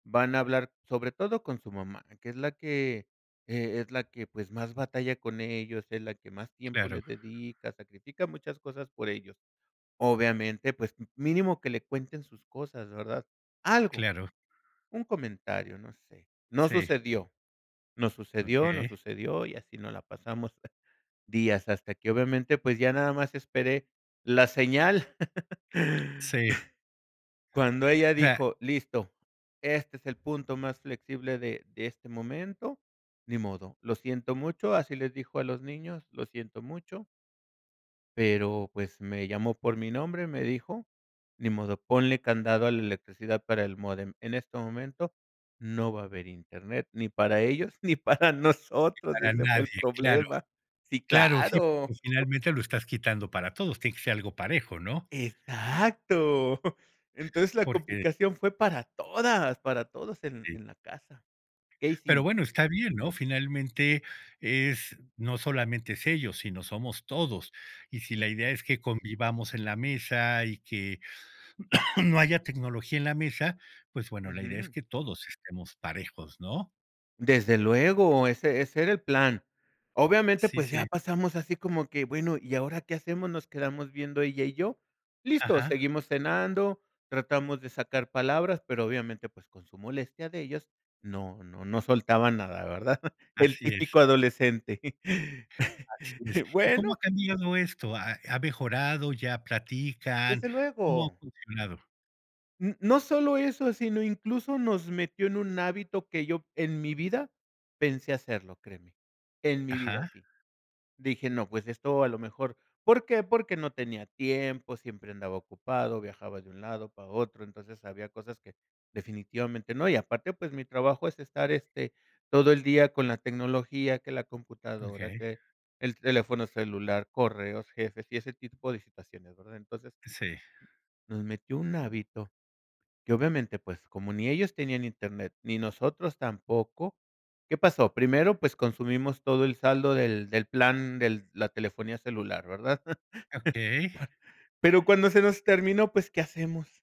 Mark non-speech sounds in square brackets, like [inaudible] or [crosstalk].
Van a hablar sobre todo con su mamá, que es la que, eh, es la que, pues, más batalla con ellos, es la que más tiempo Claro. le dedica, sacrifica muchas cosas por ellos. Obviamente, pues, m mínimo que le cuenten sus cosas, ¿verdad? Algo, Claro. un comentario, no sé. No Sí. sucedió, no sucedió, no Okey. sucedió, y así nos la pasamos [chuckles] días hasta que obviamente, pues, ya nada más esperé la señal. [laughs] Sí. Cuando ella O sea dijo: "Listo, este es el punto más flexible de de este momento, ni modo, lo siento mucho", así les dijo a los niños: "Lo siento mucho". Pero, pues, me llamó por mi nombre, me dijo: "Ni modo, ponle candado a la electricidad para el módem. En este momento no va a haber Internet ni para ellos ni para Ni nosotros", para ese fue el nadie, claro. problema Sí, Claro, sí, porque claro. [chuckles] finalmente lo estás quitando para todos, tiene que ser algo parejo, ¿no? Exacto. [chuckles] Entonces la Porque complicación fue para todas para todos en Sí. en la casa. Que Pero, hicim bueno, está bien, ¿no? Finalmente, es no solamente es ellos, sino somos todos, y si la Sí. idea es que convivamos en la mesa, y que no haya tecnología en la mesa, pues bueno, la idea es Ujú. que todos estemos parejos, ¿no? Desde luego, ese ese era el plan. Obviamente, Sí, pues, ya sí. pasamos así como que: "Bueno, ¿y ahora qué hacemos?". Nos quedamos viendo ella y yo. Listos, Ajá. seguimos cenando, tratamos de sacar palabras, pero obviamente, pues, con su molestia de ellos no no no soltaban nada, ¿verdad? [chuckles] El Así es. típico adolescente. Así es. [chuckles] ¿Y cómo ha Bueno cambiado esto? ¿Ha ha mejorado, ya platican? Desde ¿Cómo ha luego. funcionado? N no solo eso, sino, incluso, nos metió en un hábito que yo en mi vida pensé hacerlo, créeme, en mi Ajá. vida sí. Dije: "No, pues esto a lo mejor, ¿por qué?". Porque no tenía tiempo, siempre andaba ocupado, viajaba de un lado para otro. Entonces había cosas que definitivamente no. Y aparte, pues, mi trabajo es estar, este, todo el día con la tecnología, que la computadora, Okey. que el teléfono celular, correos, jefes y ese tipo de situaciones, ¿verdad? Entonces, Sí. nos metió un hábito, que obviamente pues, como ni ellos tenían Internet ni nosotros tampoco, ¿qué pasó? Primero, pues, consumimos todo el saldo del del plan del la telefonía celular, ¿verdad? [chuckles] Okey. Pero cuando se nos terminó, pues, ¿qué hacemos?